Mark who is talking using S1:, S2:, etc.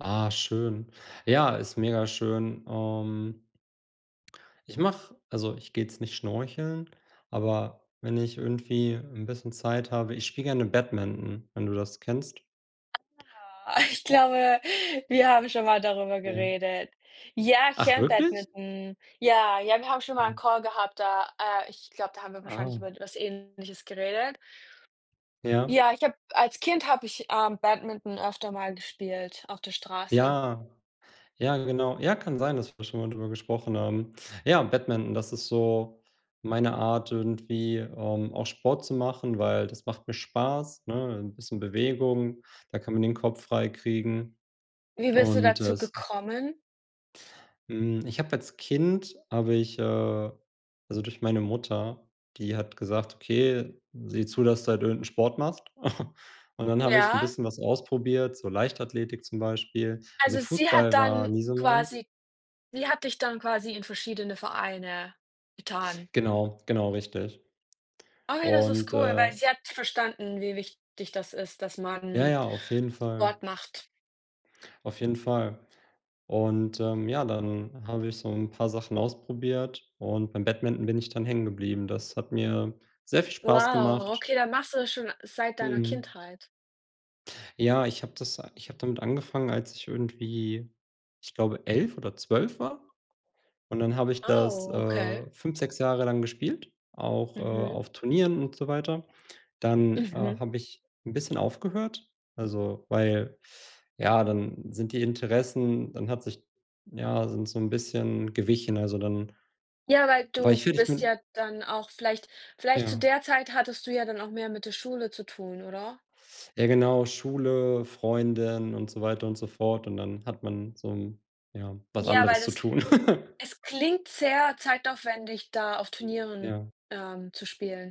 S1: Ah, schön. Ja, ist megaschön. Ähm ich mache also ich gehe jetzt nicht schnorcheln, aber wenn ich irgendwie 'n bisschen Zeit habe, ich spiele gerne Badminton, wenn du das kennst.
S2: Na ja. Ich glaube, wir haben schon mal darüber
S1: [unintelligible]
S2: geredet. Ja, ich
S1: Ach,
S2: kenne
S1: wirklich?
S2: Badminton. Ja, ja, wir haben schon mal 'n
S1: Mhm.
S2: Call gehabt, da äh, ich glaube, da haben wir wahrscheinlich
S1: Ah.
S2: über was Ähnliches geredet.
S1: Ja.
S2: Ja, ich habe als Kind habe ich, ähm, Badminton öfter mal gespielt auf der Straße.
S1: Ja. Ja, genau. Ja, kann sein, dass wir schon mal drüber gesprochen haben. Ja, Badminton, das ist so meine Art irgendwie, ähm, auch Sport zu machen, weil das macht mir Spaß, ne? 'N bisschen Bewegung, da kann man den Kopf frei kriegen
S2: Wie bist du
S1: und
S2: dazu
S1: es
S2: gekommen?
S1: Hm, ich habe als Kind habe ich, äh also durch meine Mutter, die hat gesagt: „Okay, sieh zu, dass du halt irgend 'n Sport machst.“ Und dann habe ich 'n
S2: Ja.
S1: bisschen was ausprobiert, so Leichtathletik zum Beispiel. Also
S2: Also sie hat
S1: Fußball war
S2: dann
S1: nie so meins.
S2: quasi sie hat dich dann quasi in verschiedene Vereine getan.
S1: Genau, genau richtig,
S2: Oh ne, das ist
S1: und,
S2: cool,
S1: äh
S2: weil sie hat verstanden, wie wichtig das ist, dass
S1: Ja,
S2: man
S1: ja, auf jeden Fall.
S2: Sport macht.
S1: Auf jeden Fall, und, ähm, ja, dann habe ich so 'n paar Sachen ausprobiert und beim Badminton bin ich dann hängen geblieben. Das hat mir sehr viel Spaß
S2: Wow,
S1: gemacht.
S2: okay, dann machst du das schon seit deiner
S1: Mhm.
S2: Kindheit.
S1: Ja, ich habe das a ich habe damit angefangen, als ich irgendwie ich glaube, 11 oder 12 war, und dann habe ich das,
S2: Oh, okay.
S1: äh, 5, 6 Jahre lang gespielt, auch, äh,
S2: Mhm.
S1: auf Turnieren und so weiter. Dann, äh,
S2: Mhm.
S1: habe ich 'n bisschen aufgehört, also weil ja, dann sind die Interessen dann hat sich ja sind so 'n bisschen gewichen, also dann
S2: Ja, weil
S1: war ich,
S2: du
S1: fertig
S2: bist
S1: mit
S2: ja dann auch vielleicht vielleicht zu
S1: Ja.
S2: der Zeit hattest du ja dann auch mehr mit der Schule zu tun, oder?
S1: Ja genau, Schule, Freundin und so weiter und so fort und dann hat man so 'n ja, was
S2: Ja,
S1: anderes
S2: weil
S1: zu
S2: es
S1: tun.
S2: es klingt sehr zeitaufwendig, da auf Turnieren,
S1: Ja.
S2: ähm, zu spielen.